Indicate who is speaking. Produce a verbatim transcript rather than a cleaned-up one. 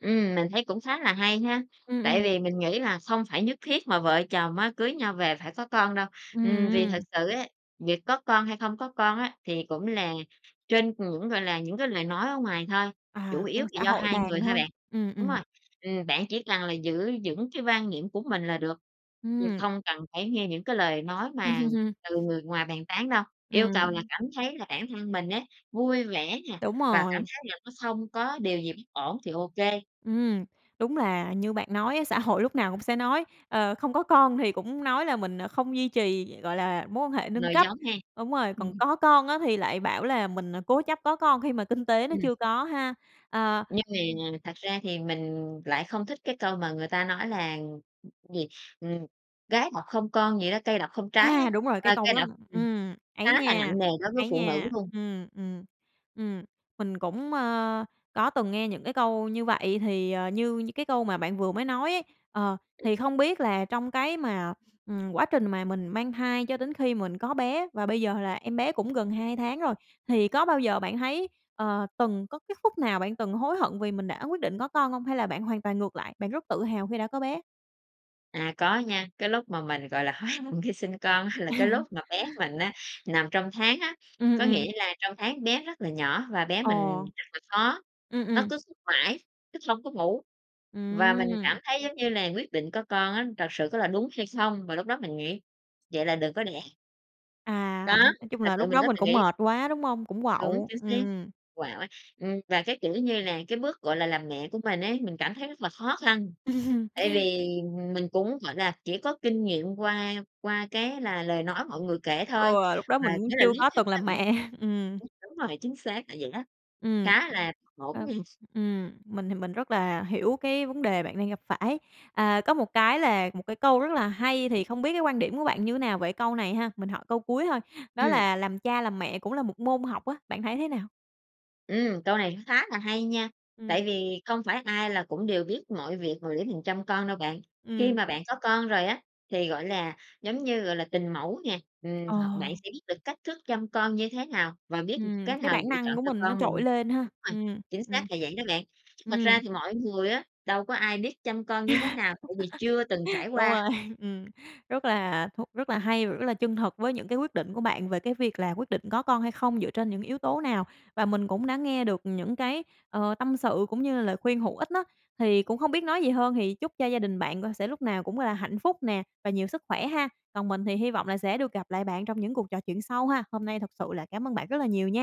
Speaker 1: Ừm, mình thấy cũng khá là hay ha
Speaker 2: Ừm,
Speaker 1: tại
Speaker 2: ừm.
Speaker 1: vì mình nghĩ là không phải nhất thiết mà vợ chồng á, cưới nhau về phải có con đâu.
Speaker 2: Ừm,
Speaker 1: Ừm, vì thực
Speaker 2: ừm.
Speaker 1: sự á, việc có con hay không có con á, thì cũng là trên những, gọi là, những cái lời nói ở ngoài thôi, chủ
Speaker 2: À,
Speaker 1: yếu
Speaker 2: bên
Speaker 1: là
Speaker 2: xã
Speaker 1: do
Speaker 2: hội
Speaker 1: hai
Speaker 2: đàn
Speaker 1: người thôi
Speaker 2: thôi,
Speaker 1: bạn.
Speaker 2: ừm,
Speaker 1: Đúng
Speaker 2: ừm.
Speaker 1: rồi, ừm, bạn chỉ cần là giữ vững cái quan niệm của mình là được, ừm,
Speaker 2: Ừm.
Speaker 1: không cần phải nghe những cái lời nói mà từ người ngoài bàn tán đâu. Yêu cầu là
Speaker 2: Ừm.
Speaker 1: cảm thấy là bản thân mình á, vui vẻ nè,
Speaker 2: Đúng
Speaker 1: và cảm
Speaker 2: rồi.
Speaker 1: thấy là nó không có điều gì bất ổn thì ô kê.
Speaker 2: Ừm, đúng là như bạn nói á, xã hội lúc nào cũng sẽ nói, ờ, không có con thì cũng nói là mình, ờ, không duy trì, gọi là, mối quan hệ nâng
Speaker 1: Nòi
Speaker 2: cấp.
Speaker 1: giống ha.
Speaker 2: Đúng rồi, còn
Speaker 1: Ừm.
Speaker 2: có con á thì lại bảo là mình à cố chấp có con khi mà kinh tế nó
Speaker 1: Ừm.
Speaker 2: chưa có ha! À,
Speaker 1: Nhưng
Speaker 2: ừm.
Speaker 1: mà thật ra thì mình lại không thích cái câu mà người ta nói là, gì, ừm: "Gái độc không con" gì đó, "cây độc không trái" á,
Speaker 2: À, đúng rồi! Cái
Speaker 1: ơ,
Speaker 2: câu
Speaker 1: cây
Speaker 2: đó
Speaker 1: độc ừm,
Speaker 2: ừm, ấy
Speaker 1: khá là
Speaker 2: nha!
Speaker 1: nặng nề đối với
Speaker 2: Ấy
Speaker 1: phụ nữ
Speaker 2: nha!
Speaker 1: luôn.
Speaker 2: Ừm, ừm, ừm, mình cũng, ờ, có từng nghe những cái câu như vậy thì, ờ, như như cái câu mà bạn vừa mới nói ấy, ờ, thì không biết là trong cái mà, ừm, quá trình mà mình mang thai cho đến khi mình có bé và bây giờ là em bé cũng gần hai tháng rồi, thì có bao giờ bạn thấy, ờ, từng có cái phút nào bạn từng hối hận vì mình đã quyết định có con hông? Hay là bạn hoàn toàn ngược lại, bạn rất tự hào khi đã có bé?
Speaker 1: À, có nha, cái lúc mà mình gọi là hối hận khi sinh con á, là cái lúc mà bé mình á, nằm trong tháng á.
Speaker 2: Ừm,
Speaker 1: Có
Speaker 2: ừm.
Speaker 1: nghĩa là trong tháng bé rất là nhỏ và bé mình
Speaker 2: Ồ.
Speaker 1: rất là khó,
Speaker 2: Ừ,
Speaker 1: nó
Speaker 2: ừm.
Speaker 1: cứ thức mãi, thức không có ngủ và mình cảm
Speaker 2: Ừm.
Speaker 1: thấy giống như là quyết định có con á, thật sự có là đúng hay không? Và lúc đó mình nghĩ: "Vậy là đừng có đẻ." Có,
Speaker 2: À, nói chung
Speaker 1: thật
Speaker 2: là
Speaker 1: sự
Speaker 2: lúc
Speaker 1: mình
Speaker 2: đó
Speaker 1: có
Speaker 2: mình
Speaker 1: tự
Speaker 2: cũng
Speaker 1: nghĩ.
Speaker 2: mệt quá, đúng hông? Cũng
Speaker 1: Đúng,
Speaker 2: quạu,
Speaker 1: chính xác,
Speaker 2: ừm.
Speaker 1: quạu á. Ừm, và cái, kiểu như là, cái bước gọi là làm mẹ của mình ấy, mình cảm thấy rất là khó khăn, tại vì mình cũng gọi là chỉ có kinh nghiệm qua qua cái là lời nói mọi người kể thôi,
Speaker 2: Ừ, lúc đó
Speaker 1: mà
Speaker 2: mình cũng
Speaker 1: nghĩa là
Speaker 2: chưa
Speaker 1: lý
Speaker 2: có
Speaker 1: thuyết
Speaker 2: từng
Speaker 1: nó
Speaker 2: làm
Speaker 1: cũng
Speaker 2: mẹ, ừm.
Speaker 1: ừm, đúng rồi, chính xác là vậy á,
Speaker 2: Ừm,
Speaker 1: khá là ngổn
Speaker 2: ờ,
Speaker 1: ngang.
Speaker 2: ừm, mình thì mình rất là hiểu cái vấn đề bạn đang gặp phải. À, có một cái là một cái câu rất là hay thì không biết cái quan điểm của bạn như nào về câu này ha? Mình hỏi câu cuối thôi, đó
Speaker 1: Ừm.
Speaker 2: là "Làm cha làm mẹ cũng là một môn học" á, bạn thấy thế nào?
Speaker 1: Ừm, câu này khá là hay nha
Speaker 2: Ừm.
Speaker 1: tại vì không phải ai là cũng đều biết mọi việc mà để mình chăm con đâu bạn. Khi
Speaker 2: Ừm.
Speaker 1: mà bạn có con rồi á thì, gọi là, giống như, gọi là, tình mẫu nè, ừm,
Speaker 2: Ờ.
Speaker 1: hoặc bạn sẽ biết được cách thức chăm con như thế nào và biết
Speaker 2: Ừm,
Speaker 1: cái
Speaker 2: cái
Speaker 1: nào
Speaker 2: bản
Speaker 1: lựa
Speaker 2: năng
Speaker 1: chọn
Speaker 2: của
Speaker 1: cho
Speaker 2: mình nó
Speaker 1: con mình.
Speaker 2: trội lên ha.
Speaker 1: Đúng rồi,
Speaker 2: Ừm,
Speaker 1: chính
Speaker 2: ừm.
Speaker 1: xác là vậy đó bạn. Thật ra
Speaker 2: Ừm.
Speaker 1: thì mọi người á, đâu có ai biết chăm con như thế nào tại vì chưa từng trải
Speaker 2: Đúng
Speaker 1: qua.
Speaker 2: rồi, ừm, rất là thú rất là hay và rất là chân thực với những cái quyết định của bạn về cái việc là quyết định có con hay không dựa trên những yếu tố nào? Và mình cũng đã nghe được những cái, ờ, tâm sự cũng như là lời khuyên hữu ích á, thì cũng hông biết nói gì hơn thì chúc cho gia đình bạn c sẽ lúc nào cũng là hạnh phúc nè và nhiều sức khỏe ha! Còn mình thì hi vọng là sẽ được gặp lại bạn trong những cuộc trò chuyện sau ha. Hôm nay thực sự là cảm ơn bạn rất là nhiều nha.